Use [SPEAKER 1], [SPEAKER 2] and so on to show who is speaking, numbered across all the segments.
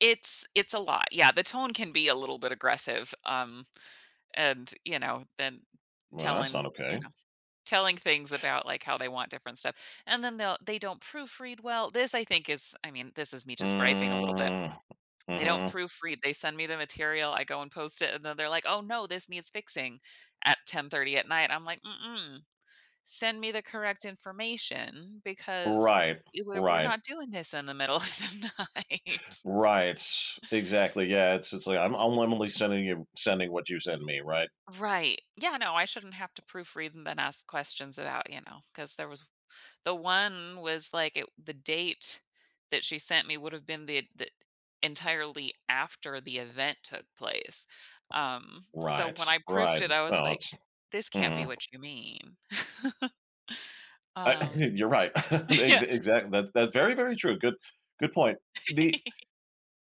[SPEAKER 1] It's it's a lot, yeah, the tone can be a little bit aggressive, um, and, you know, then
[SPEAKER 2] Well, that's
[SPEAKER 1] telling
[SPEAKER 2] not
[SPEAKER 1] you
[SPEAKER 2] okay.
[SPEAKER 1] know, telling things about, like, how they want different stuff, and then they'll they don't proofread well this I think is I mean, this is me just griping a little bit.
[SPEAKER 2] Mm,
[SPEAKER 1] They don't
[SPEAKER 2] mhm.
[SPEAKER 1] proofread, they send me the material, I go and post it, and then they're like, "Oh, no, this needs fixing," at 10:30 at night. I'm like, "Mm-mm, send me the correct information because,
[SPEAKER 2] Right,
[SPEAKER 1] eh, we're we're
[SPEAKER 2] right.
[SPEAKER 1] not doing this in the middle of the night."
[SPEAKER 2] Right. Exactly, yeah. It's it's, like, "I'm I'm only sending you sending what you send me," right?
[SPEAKER 1] Right. Yeah, no, I shouldn't have to proofread and then ask questions about, you know 'cause there was the 1 was like, eh, the date that she sent me would have been the the entirely after the event took place, um, so
[SPEAKER 2] Right,
[SPEAKER 1] when I proofed
[SPEAKER 2] right.
[SPEAKER 1] it, I was
[SPEAKER 2] Well,
[SPEAKER 1] like,
[SPEAKER 2] it's
[SPEAKER 1] "This can't be
[SPEAKER 2] mm.
[SPEAKER 1] what you mean."
[SPEAKER 2] I
[SPEAKER 1] um,
[SPEAKER 2] you're right. Ex
[SPEAKER 1] yeah.
[SPEAKER 2] exact that's that's very, very true, good good point. The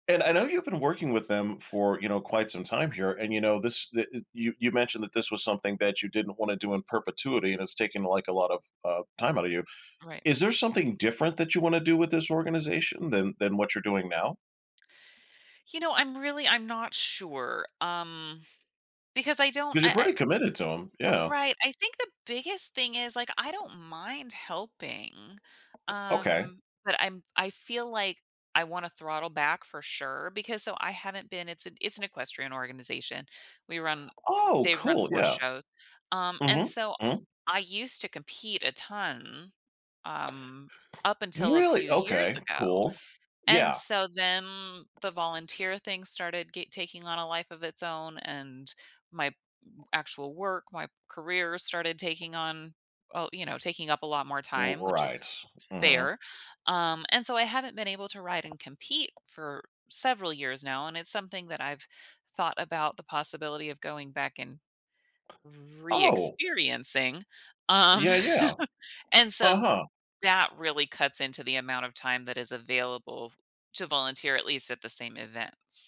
[SPEAKER 2] and I know you've been working with them for, you know, quite some time here, and you know, this the uh you you mentioned that this was something that you didn't wanna do in perpetuity and it's taken, like, a lot of, uh, time out of you.
[SPEAKER 1] Right.
[SPEAKER 2] Is there something different that you wanna do with this organization than than what you're doing now?
[SPEAKER 1] You know, I'm really I'm not sure, um, because I don't
[SPEAKER 2] 'Cause you're
[SPEAKER 1] I
[SPEAKER 2] pretty committed to 'em,
[SPEAKER 1] I
[SPEAKER 2] yeah.
[SPEAKER 1] right, I think the biggest thing is, like, I don't mind helping,
[SPEAKER 2] Okay.
[SPEAKER 1] um, but I'm I feel like I wanna throttle back for sure because so, I haven't been it's an it's an equestrian organization. We run
[SPEAKER 2] Oh,
[SPEAKER 1] they run
[SPEAKER 2] cool,
[SPEAKER 1] horse
[SPEAKER 2] yeah.
[SPEAKER 1] shows, um, and
[SPEAKER 2] Mhm,
[SPEAKER 1] so
[SPEAKER 2] mm.
[SPEAKER 1] I used to compete a ton, um, up until a
[SPEAKER 2] Really?
[SPEAKER 1] few years
[SPEAKER 2] Okay,
[SPEAKER 1] ago,
[SPEAKER 2] cool.
[SPEAKER 1] and
[SPEAKER 2] Yeah.
[SPEAKER 1] so then the volunteer thing started get taking on a life of its own, and my actual work, my career started taking on oh, you know, taking up a lot more
[SPEAKER 2] R
[SPEAKER 1] time, which
[SPEAKER 2] Right,
[SPEAKER 1] is
[SPEAKER 2] mhm.
[SPEAKER 1] fair, um, and so I haven't been able to ride and compete for several years now, and it's something that I've thought about the possibility of going back and
[SPEAKER 2] Oh.
[SPEAKER 1] reexperiencing, um
[SPEAKER 2] Yeah, yeah.
[SPEAKER 1] and so
[SPEAKER 2] Uh-huh.
[SPEAKER 1] that really cuts into the amount of time that is available to volunteer, at least at the same events.